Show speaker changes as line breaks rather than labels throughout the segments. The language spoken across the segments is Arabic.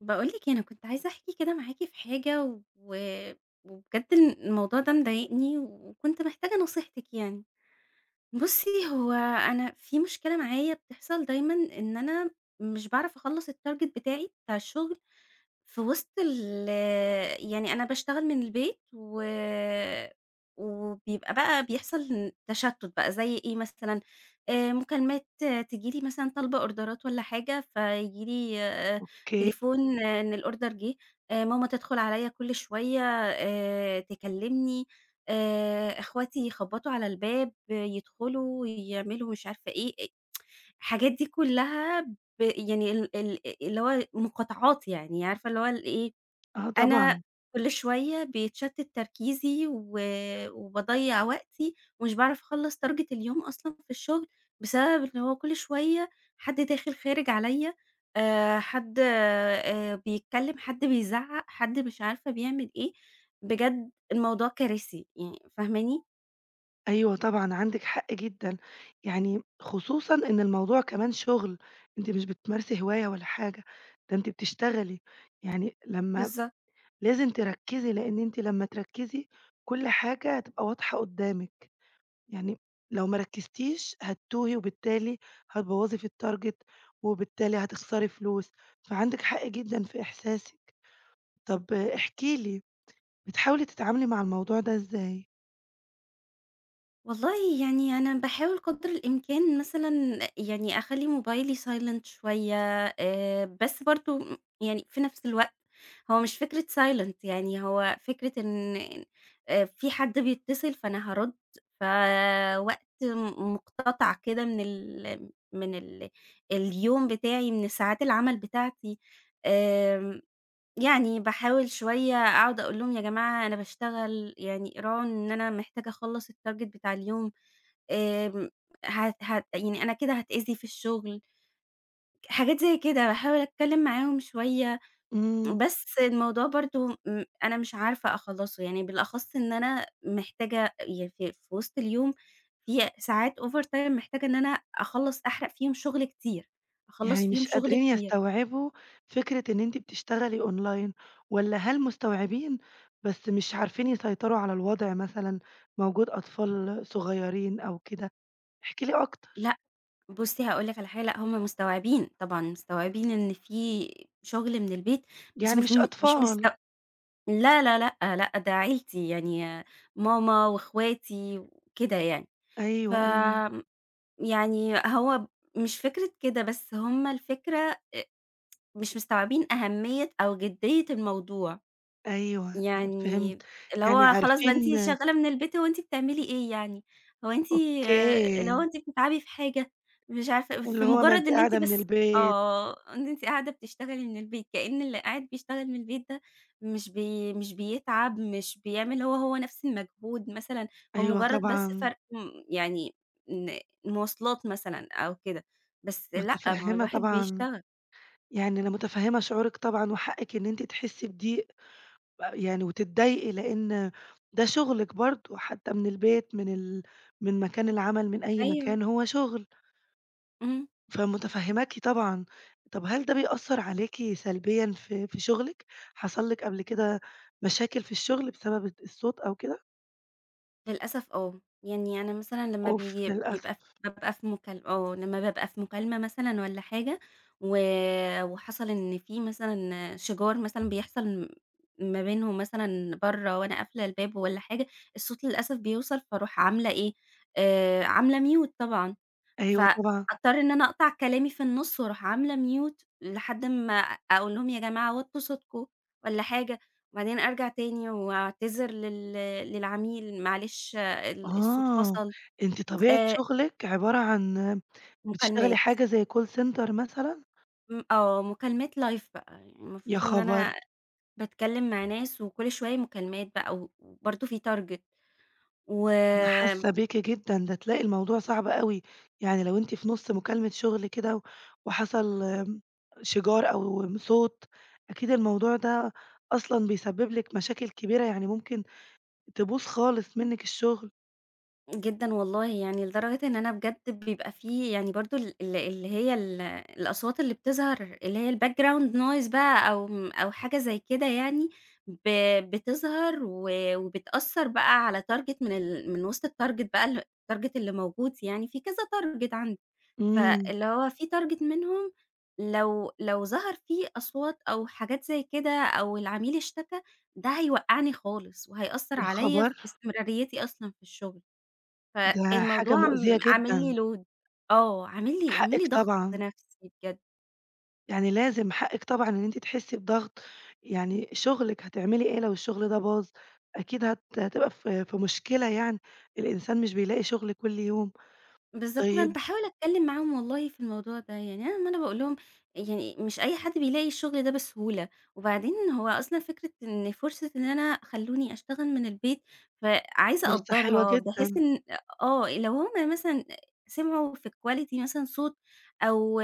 باقول لِك إيه، أنا كنت عايزة أحكي كده معاكِ في حاجة، و وبجد ال الموضوع ده مضايقني، وكنت محتاجة نصيحتك يعني. بُصّي، هو أنا في مشكلة معايا بتحصل دايمًا إن أنا مش باعرف أخلص الtarget بتاعي بتاع الشغل في وسط ال يعني أنا باشتغل من البيت، و وبيبقى بقى بيحصل تشتت بقى زي إيه مثلًا؟ آآ، مكالمات تيجي لي مثلًا طالبة أوردرات والّا حاجة، فييجي لي آآ،
أوكي.
تليفون إن الأوردر جه، آآ ماما تدخل عليَّ كل شويّة آآ، تكلمني، آآ، أخواتي يخبطوا على الباب، يدخلوا، يعملوا مش عارفة إيه، الحاجات دي كلّها ب يعني ال ال اللي هو مقاطعات يعني، عارفة اللي هو إيه؟
آه،
أنا
طبعًا.
كل شويّة بيتشتت تركيزي، و وباضيّع وقتي، ومش باعرف أخلص target اليوم أصلًا في الشغل بسبب إن هو كل شويّة حد داخل خارج عليَّ، آآ، حد آآ، بيتكلّم، حد بيزعق، حد مش عارفة بيعمل إيه. بجد الموضوع كارثي يعني، فاهماني؟
أيوه طبعًا عندِك حق جدًا. يعني خصوصًا إن الموضوع كمان شغل، أنتِ مش بتمارسي هواية ولا حاجة، ده أنتِ بتشتغلي. يعني لمّا
بالضبط.
لازم تركّزي، لإن أنتِ لمّا تركّزي، كل حاجة هتبقى واضحة قدّامِك. يعني لو ما ركّزتيش هتتوهي، وبالتالي هتبوّظي في الtarget، وبالتالي هتخسري فلوس، فعندِك حق جدًا في إحساسِك. طب احكِ لي بتحاولي تتعاملي مع الموضوع ده إزاي؟
والله يعني أنا باحاول قدر الإمكان مثلًا يعني أخلّي موبايلي silent شويّة، آآ بس برضه يعني في نفس الوقت هو مش فكرة silent يعني، هو فكرة إن أ في حد بيتّصل، فأنا هارُد. فَوقت مُ مقتطع كده من ال من ال اليوم بتاعي، من ساعات العمل بتاعتي. آمم يعني باحاول شوية أقعد أقول لهم: "يا جماعة أنا باشتغل يعني راعوا إن أنا محتاجة أخلّص الtarget بتاع اليوم. آمم هت هت يعني أنا كده هاتأذي في الشغل." حاجات زي كده. باحاول أتكلّم معاهم شوية،
إمم.
بس الموضوع برضه م أنا مش عارفة أخلّصه. يعني بالأخص إن أنا محتاجة [unintelligible] في وِسط اليوم ي ساعات over time محتاجة إن أنا أخلّص، أحرق فيهم شغل كتير. أخلّص
يعني
فيهم
مش
شغل
قادرين
كتير.
يستوعبوا فكرة إن أنتِ بتشتغلي أونلاين، والّا هل مستوعبين بس مش عارفين يسيطروا على الوضع مثلًا، موجود أطفال صغيّرين أو كده؟ احكِ لي أكتر.
لأ، بُصّي هاقول لِك على حا لأ، هم مستوعبين. طبعًا مستوعبين إن فيه شغل من البيت، بس
يعني
مش
مش
م مش مستو
أطفال.
لا لا لأ لأ، ده عيلتي يعني ماما، وأخواتي وكده يعني.
أيوه، أيوه.
فم يعني هو ب مش فكرة كده، بس هم الفكرة أ مش مستوعبين أهمية، أو جدّية الموضوع.
أيوه أنا فهمت.
يعني اللي
يعني
هو خلاص بقى أنتِ
عارفين
شغّالة من البيت، هو أنتِ بتعملي إيه يعني؟ هو أنتِ اللي هو
أوكي.
أنتِ بتتعبي في حاجة؟ مش عارفة، في
اللي هو ما
مُجرّد
أنتِ
إن أنتِ
قاعدة من
بس
البيت.
آه. إن أنتِ قاعدة بتشتغلي من البيت، كإن اللي قاعد بيشتغل من البيت ده مش بي مش بيتعب، مش بيعمل هو، هو نفس المجهود مثلًا. هو
أيوه
مُجرّد بس
طبعًا.
فرق م يعني إن المواصلات مثلًا أو كده. بس لأ، ما هو
مُتفهّمة
الواحد
طبعًا.
بيشتغل.
يعني أنا مُتفهّمة شعورِك طبعًا، وحقِك إن أنتِ تحسّي بضيق، ويعني وتتضايقي، لإن ده شُغلِك برضه حتّى من البيت، من ال من مكان العمل، من أي
أيوه.
مكان، هو شغل.
اهم.
فمُتفهّماكِ طبعًا. طب هل ده بيأثّر عليكِ سلبيًا في في شُغلِك؟ حصل لِك قبل كده مشاكل في الشغل بسبب ال الصوت أو كده؟
للأسف آه. يعني أنا مثلًا لمّا
أوف
بييجي بيبقى
للأسف.
بابقى في مكال آه لمّا بابقى في مكالمة مثلًا والّا حاجة، و وحصل إن في مثلًا شِجار مثلًا بيحصل م ما بينهم مثلًا برّه وأنا قافلة الباب والّا حاجة، الصوت للأسف بيوصل فاروح عاملة إيه، آآ عاملة mute طبعًا،
أيوه طبعًا.
فاضطر إن أنا أقطع كلامي في النص وأروح عاملة mute، لحد أما أقول لهم يا جماعة وطّوا صوتكم والّا حاجة، وبعدين أرجع تاني وأعتذر لل للعميل، معلش ال الصوت
آه،
فصل.
يعني أنتِ طبيعة
آآ
شغلِك عبارة عن بتشتغلي
مكالمات.
حاجة زي كول سنتر مثلاً؟
م آه، مكالمات لايف بقى
يا
المفروض إن
خبر!
أنا باتكلم مع ناس، وكل شوية مكالمات بقى و وبرضه في تارجت،
أنا
وآمم
حاسة بيكِ جدًا، ده تلاقي الموضوع صعب أوي، يعني لو أنتِ في نص مكالمة شغل كده وحصل آمم، شِجار أو صوت، أكيد الموضوع ده أصلًا بيسبب لِك مشاكل كبيرة، يعني ممكن تبوظ خالص منِّك الشغل.
جدًا والله يعني لدرجة إن أنا بجد بيبقى في يعني برضه ال ال اللي هي ال الأصوات اللي بتظهر اللي هي الbackground noise بقى أو أو حاجة زي كده يعني ب بتظهر و وبتأثر بقى على target من ال من وسط الtarget بقى الtarget اللي موجود يعني في كذا target عندي،
آمم.
فاللي هو في target منهم لو لو ظهر فيه أصوات أو حاجات زي كده أو العميل اشتكى، ده هيوقعني خالص وهيأثر
يا
عليّا في
خبر!
استمراريتي أصلًا في الشغل.
ده حاجة
فالموضوع
مؤذية
عم عامل
جدًا.
لّي load آه، عامل لي عامل لي
حقِك
ضغط
طبعًا.
نفسي بجد.
يعني لازم، حقِك طبعًا إن أنتِ تحسّي بضغط، يعني شغلِك، هتعملي إيه لو الشغل ده باظ؟ أكيد هت هتبقى في في مشكلة يعني. الإنسان مش بيلاقي شغل كل يوم.
بالضبط، أنا
طيب
باحاول أتكلم معاهم والله في الموضوع ده يعني أنا ما أنا باقول لهم يعني مش أي حد بيلاقي الشغل ده بسهولة، وبعدين هو أصلًا فكرة إن فرصة إن أنا خلوني اشتغل من البيت، فعايزة
فرصة حلوة
أقدرها بحيث
جدًا.
إن آه، لو هم مثلًا سمعوا في quality مثلًا صوت أو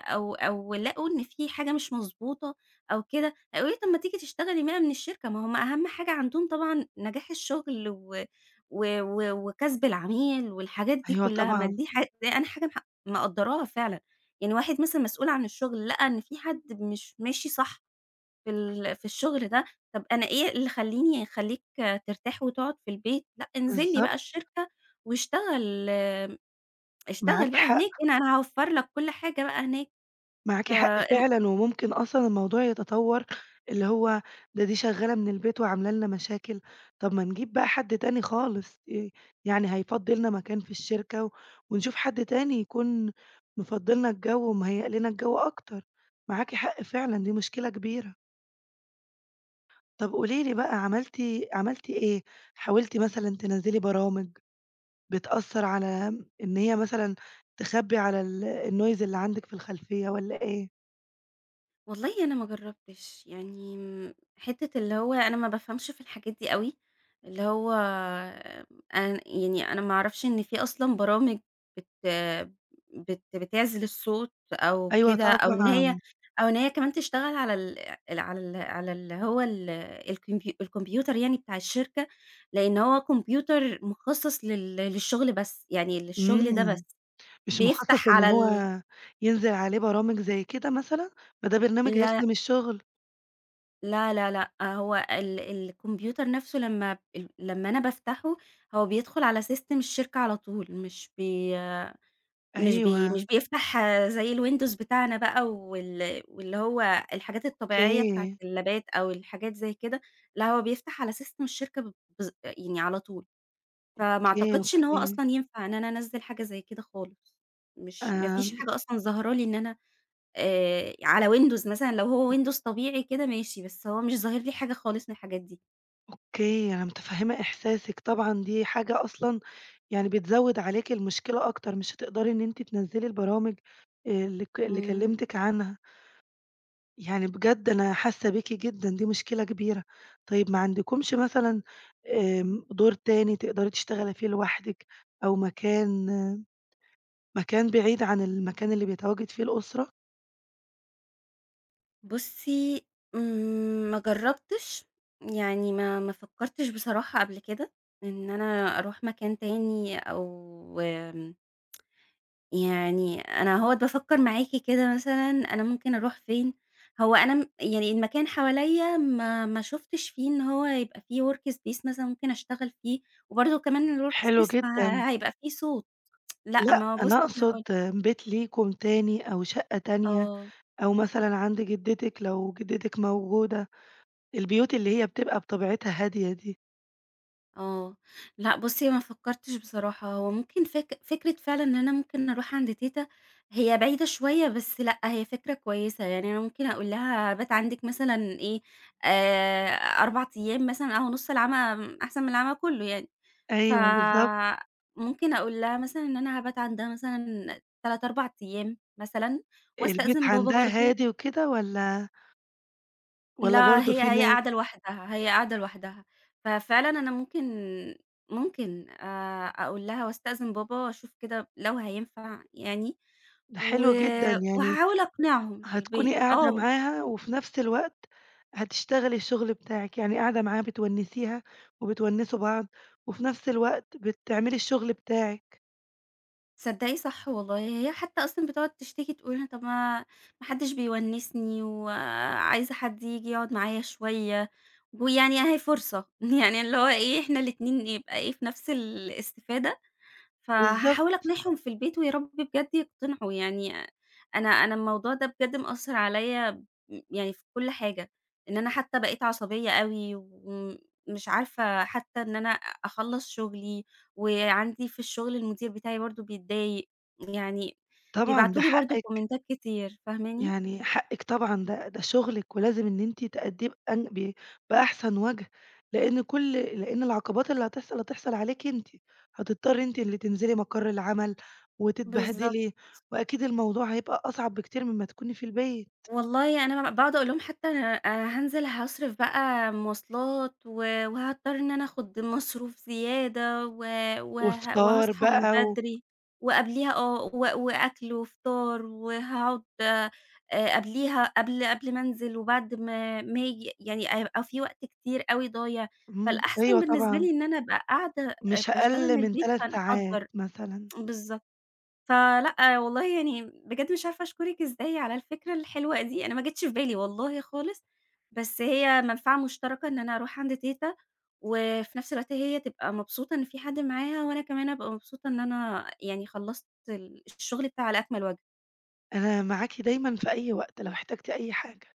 أو-أو لقوا إن في حاجة مش مضبوطة أو كده، هيقولوا لي: "طيب، ما تيجي تشتغلي بقى من الشركة." ما هم أهم حاجة عندهم طبعًا نجاح الشغل و و و وكسب العميل والحاجات دي
أيوه،
كلها، ما
طبعًا.
دي حاجة أنا حاجة مح مقدراها فعلًا يعني واحد مثلًا مسؤول عن الشغل لقى إن في حد مش ماشي صح في ال في الشغل ده، طب، أنا إيه اللي خليني يخليك ترتاح وتقعد في البيت لأ، انزلّي بقى
بالضبط.
الشركة واشتغل
معاكِ
اشتغل بقى هناك
حق.
أنا أنا هاوفر لك كل حاجة بقى هناك.
معاكِ حق
فآمم
فعلًا، وممكن أصلًا الموضوع يتطوّر، اللي هو ده دي شغالة من البيت وعاملة لنا مشاكل، طب ما نجيب بقى حد تاني خالص. يعني هيفضي لنا مكان في الشركة و ونشوف حد تاني يكون مفضي لنا الجو ومهيئ لنا الجو أكتر. معاكِ حق فعلًا، دي مشكلة كبيرة. طب قولي لي بقى عملتِ، عملتِ إيه؟ حاولتِ مثلًا تنزّلي برامج بتأثر على إن هي مثلًا تخبي على ال الnoise اللي عندِك في الخلفيّة، والّا إيه؟
والله أنا ما جرّبتش، يعني حتّة اللي هو أنا ما بافهمش في الحاجات دي أوي، اللي هو أن يعني أنا ما أعرفش إن في أصلًا برامج بت بت بتعزِل الصوت أو
أيوه
كده، أو إن هيّ
طبعًا.
أو إن هيّ كمان تشتغل على ال ال على ال على اللي هو ال الكمبي الكمبيوتر يعني بتاع الشركة، لأن هو كمبيوتر مُخَصَّص لل للشغل بس، يعني للشغل ده
امم،
بس
مش مُخَصَّص
بيفتح
إن
على
هو
ال
ينزل عليه برامج زي كده مثلًا، فده برنامج
لأ.
هيخدم الشغل.
لا، لا، لأ هو ال الكمبيوتر نفسه لمّا ال لمّا أنا بافتحه، هو بيدخل على سيستم الشركة على طول، مش بي مش بي
أيوه.
مش بيفتح زي الويندوز بتاعنا بقى وال واللي هو الحاجات الطبيعية بتاعة
أوكي.
اللابات أو الحاجات زي كده، لا هو بيفتح على سيستم الشركة ب بالض يعني على طول، فما
أوكي،
أعتقدش إن هو
أوكي.
أصلًا ينفع إن أنا أنزل حاجة زي كده خالص، مش ما فيش
آمم.
حاجة أصلًا ظاهرة لي إن أنا آآ على ويندوز مثلًا لو هو
[unintelligible]
ويندوز طبيعي كده ماشي، بس هو مش ظاهر لي حاجة خالص من الحاجات دي.
أوكي، أنا مُتَفهمة إِحْسَاسِك طبعًا، دي حاجة أصلًا يعني بتزود عليكِ المُشكلة أكتر مش هتقدري إن أنتِ تنزِلي البرامج اللي ك اللي
امم.
كَلمتِك عنها. يعني بجد أنا حاسة بيكِ جدًا، دي مُشكلة كبيرة. طيب، ما عندكُمش مثلًا آآ، دور تاني تقدري تشتغلي فيه لوحدِك، أو مكان مكان بعيد عن المكان اللي بيتواجد فيه الأسرة؟
بُصي، ما جربتش يعني ما ما فكرتش بصراحة قبل كده إن أنا أروح مكان تاني أو آمم، يعني أنا أهوّة بافكر معاكِ كده مثلًا أنا ممكن أروح فين، هو أنا م يعني المكان حواليا ما ما شُفتش فيه إن هو يبقى في workspace مثلًا مُمكن أشتغل فيه وبرضو كمان
حلو
الworkspace
جدًا.
فَهَيبقى في صوت، لأ
لأ،
ما هو بُصي،
أنا
هاقُول
أقصد
لِك
بيت ليكم تاني أو شقة تانية،
آه.
أو مثلًا عند جدتِك لو جدتِك موجودة، البيوت اللي هي بتبقى بطبيعتها هادية دي.
آه، لأ، بُصّي ما فكّرتش بصراحة هو ممكن فك فكرة فعلًا، إن أنا ممكن أروح عند تيتة، هي بعيدة شويّة، بس لأ، هي فكرة كويّسة، يعني أنا ممكن أقول لها أبات عندِك مثلًا إيه، آآ 4 أيّام مثلًا، أهو نُص العمى أحسن من العمى كلُّه يعني، ف
أيوه، بالضبط.
ممكن أقول لها مثلًا، إن أنا هابات عندها مثلًا 3، 4 أيّام مثلًا،
البيت
وأستأذِن بابا
عندها
برضه.
هادي وكده والّا والّا
لا،
برضه
هي
فيه
هي
ناس؟
قاعدة لوحدها، هي قاعدة لوحدها. ففعلًا أنا ممكن ممكن آآ أقول لها وأستأذِن بابا، أشوف كده لو هينفع يعني،
ده
و
حلو جدًا يعني
وهاحاول أقنِعهم في
هتكوني
البيت.
قاعدة
آه.
معاها وفي نفس الوقت هتشتغلي الشغل بتاعِك، يعني قاعدة معاها بتونِّسيها وبتونِّسوا بعض وفي نفس الوقت بتعملي الشغل بتاعِك.
تصدّقي صح والله. هي حتى أصلًا بتقعُد تشتكي، تقول لنا طب ما ما حدش بيونِّسني و عايزة حد ييجي يقعُد معايا شويّة، ويعني أهي فرصة، يعني اللي هو إيه إحنا الإتنين يبقى إيه، في نفْس الاستفادة، فهاحاول
بالضبط
أقنعهم في البيت، ويارب بجَد يقتنعوا يعني، أنا أنا الموضوع ده بجد مأثَّر عليَّ يعني في كل حاجة، إن أنا حتى بقيت عصبيّة أوي، وم مش عارفة حتى إن أنا أخلَّص شُغلي وعندي في الشغل المدير بتاعي برضه بيتضايق، يعني
طبعًا، ده
بيبعتوا لي برضه
حقِّك.
كومنتات كتير، فاهماني؟
يعني حقِك طبعًا، ده ده شغلِك ولازم إن أنتِ تأدّيه بأن ب بأحسن وجه، لأن كُل لأن العقبات اللي هتحصَل، هتحصَل عليكِ أنتِ، هتضطرّي أنتِ اللي تنزِلي مقَر العمل
بالضبط.
وتتبهدلي، وأكيد الموضوع هيبقى أصعب بكتير مما تكوني في البيت.
والله أنا ب باقعد أقول لهم حتى أنا أنا هانزِل هاصرِف بقى مواصلات و وهاضطر إن أنا آخُذ مصروف زيادة و وه
وفطار
وهاصحى من
بقى و
بدري، وقبليها، آه و وأكل وفطار وهاقعد آآ قبليها، قبل قبل ما أنزِل وبعد ما ما آجي، يعني هيبقى في وقت كتير أوي ضايع،
امم.
فالأحسن
أيوه
بالنسبة
طبعًا.
لي إن أنا أبقى قاعدة
مش
باشتغل
أقل
من
من
البيت،
3 ساعات،
فنقدّر.
مثلًا.
بالضبط. فلأ والله يعني بجد مش عارفة أشكرِك إزاي على الفكرة الحلوة دي، أنا ما جيتش في بالي والله خالص، بس هي مَنفَعة مُشترَكة، إن أنا أروح عند تيتة، وفي نفس الوقت هي تبقى مبسوطة إن في حد معاها، وأنا كمان أبقى مبسوطة إن أنا يعني خلَّصت ال الشغل بتاعي على أكمل وجه.
أنا معاكِ دايمًا في أي وقت لو احتاجتِ أي حاجة.